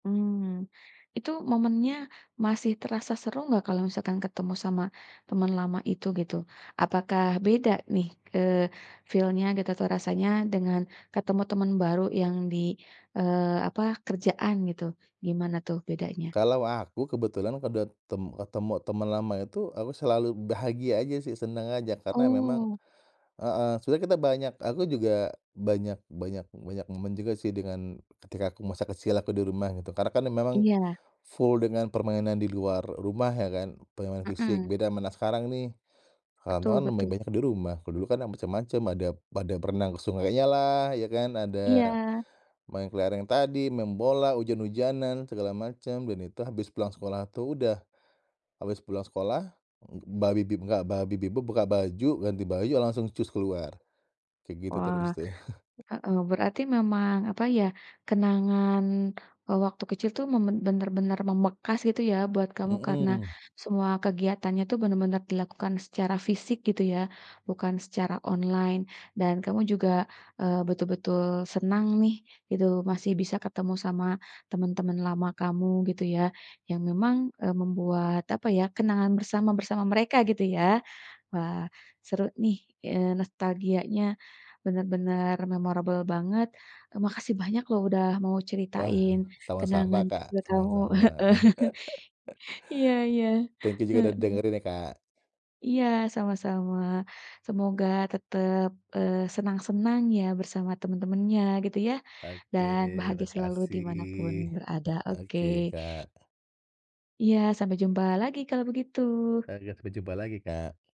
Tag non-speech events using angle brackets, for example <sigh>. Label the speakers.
Speaker 1: Mmm. Itu momennya masih terasa seru nggak kalau misalkan ketemu sama temen lama itu gitu? Apakah beda nih, eee, feel-nya gitu atau rasanya dengan ketemu temen baru yang di eee, apa, kerjaan gitu. Gimana tuh bedanya?
Speaker 2: Kalau aku kebetulan kudat tem ketemu teman lama itu aku selalu bahagia aja sih senang aja karena memang
Speaker 1: Oh.
Speaker 2: heeh. Sebenarnya kita banyak aku juga banyak banyak banyak momen juga sih dengan ketika aku masa kecil aku di rumah gitu. Karena kan memang
Speaker 1: Iya.
Speaker 2: full dengan permainan di luar rumah ya kan, permainan fisik.
Speaker 1: Heeh.
Speaker 2: Beda sama anak sekarang nih,
Speaker 1: Betul
Speaker 2: kawan-kawan lebih
Speaker 1: betul.
Speaker 2: banyak di rumah. Kalau dulu kan macem-macem, ada pada berenang ke sungainyalah ya kan. Ada
Speaker 1: Iya.
Speaker 2: main kelereng tadi, main bola, ujan-ujanan, segala macem. Dan itu habis pulang sekolah tuh udah habis pulang sekolah, enggak buka baju, ganti baju, langsung cus keluar. Kayak gitu terus
Speaker 1: Wah,
Speaker 2: tuh. <chuckles>
Speaker 1: heeh. Berarti memang apa ya, kenangan, eee, waktu kecil tuh memang bener-bener membekas gitu ya buat kamu. Karena
Speaker 2: Mhm.
Speaker 1: semua kegiatannya tuh bener-bener dilakukan secara fisik gitu ya bukan secara online. Dan kamu juga, eee, betul-betul senang nih gitu masih bisa ketemu sama temen-temen lama kamu gitu ya. Yang memang, eee, membuat apa ya, kenangan bersama, bersama mereka gitu ya. Wah, seru nih, eee, nostalgianya bener-bener memorable banget. Makasih banyak loh udah mau
Speaker 2: Wah.
Speaker 1: ceritain
Speaker 2: Sama-sama,
Speaker 1: kenangan
Speaker 2: Kak.
Speaker 1: kecil kamu.
Speaker 2: Sama-sama.
Speaker 1: Heeh.
Speaker 2: <laughs>
Speaker 1: <chuckles> Iya iya.
Speaker 2: Thank you juga udah
Speaker 1: Heeh.
Speaker 2: dengerin ya, Kak.
Speaker 1: Iya. Sama-sama. Semoga tetep, eee, senang-senang ya bersama temen-temennya gitu ya.
Speaker 2: Oke,
Speaker 1: Dan bahagia selalu di mana pun
Speaker 2: makasih.
Speaker 1: berada. Oke.
Speaker 2: Oke, Kak.
Speaker 1: Iya. Sampai jumpa lagi kalau begitu.
Speaker 2: Oke, sampai jumpa lagi, Kak.